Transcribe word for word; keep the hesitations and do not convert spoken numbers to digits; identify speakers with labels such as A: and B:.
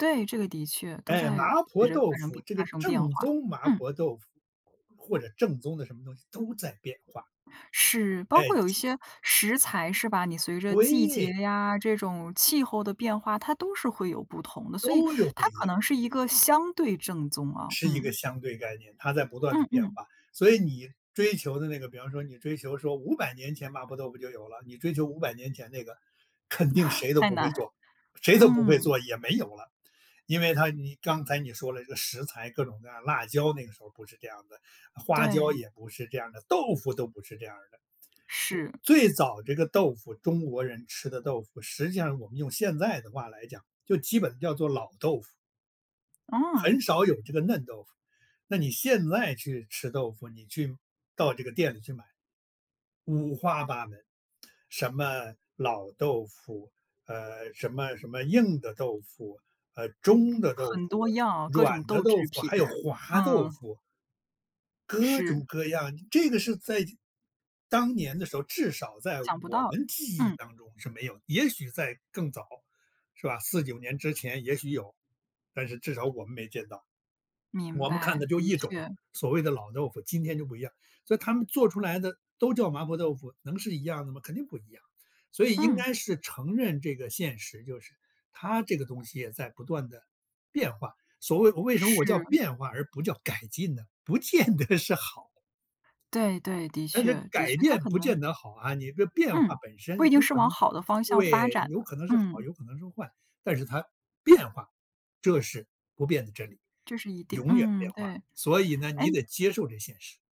A: 对，这个的确。都
B: 哎，麻
A: 在随
B: 婆
A: 着
B: 豆
A: 发生
B: 腐
A: 变
B: 这
A: 发
B: 个
A: 生变
B: 正
A: 化。
B: 宗麻
A: 嗯。
B: 婆豆腐，或者正宗的什么东西都在变化。
A: 是，包
B: 哎，
A: 括有一
B: 就
A: 些食材，是吧，你随着季节
B: 对。
A: 呀，这种气候的变化，它都是会有不同的，所以
B: 都有不
A: 它
B: 一
A: 可
B: 样。
A: 能是一个相对正宗啊，
B: 是一个
A: 嗯。
B: 相对概念，它在不断地
A: 嗯
B: 变
A: 嗯。
B: 化。所以你追求的那个，比方说你追求说五百年前麻婆豆腐就有了，你追求五百年前那个，肯定 谁都
A: 太
B: 不会
A: 难，
B: 做，谁都不会
A: 嗯。
B: 做，也没有了。因为它你刚才你说了一个食材，各种各样辣椒，那个时候不是这样儿的，花椒
A: 对。
B: 也不是这样儿的，豆腐都不是这样儿的。我
A: 是。
B: 最早这个豆腐，中国人吃的豆腐，实际上我们用现在的话来讲，就基本叫做老豆腐。
A: 哦。
B: 很少有这个嫩豆腐，那你现在去吃豆腐，你去到这个店里去买。五花八门，什么老豆腐，呃，什么什么硬的豆腐，呃，中的豆
A: 很
B: 腐，
A: 多样，各
B: 软
A: 种
B: 的
A: 豆
B: 豆
A: 制
B: 腐，
A: 品，
B: 还有 滑豆
A: 嗯。
B: 腐。各
A: 是。
B: 种各样，这个是在当年的时候，至少在
A: 想不
B: 我
A: 到，
B: 们记忆
A: 嗯。
B: 当中是没有。也许在更早，是吧，四九年之前也许有，但是至少我们没见到。
A: 明
B: 我们看
A: 白，
B: 的就
A: 的
B: 一种
A: 确。
B: 所谓的老豆腐，今天就不一样，所以他们做出来的都叫麻婆豆腐，能是一样的吗？肯定不一样，所以应
A: 嗯。
B: 该是承认这个现实，就是它这个东西也在不断地变化。所谓我为什么我叫
A: 是。
B: 变化而不叫改进呢？不见得是好。
A: 对，对，的
B: 但
A: 确，
B: 是
A: 的
B: 改
A: 确，他
B: 变
A: 可
B: 不
A: 能
B: 见得好啊，你的变化
A: 嗯，
B: 本
A: 不
B: 身
A: 一定
B: 有
A: 是
B: 可
A: 往
B: 能
A: 好的方向发
B: 对，
A: 展
B: 有
A: 的，
B: 可能是好，
A: 嗯。
B: 有可能是坏。但是它变化，这是不变的真理，
A: 这是一定，
B: 永远
A: 嗯，
B: 变化，
A: 对。
B: 所以呢
A: 诶
B: 你得接受这现实。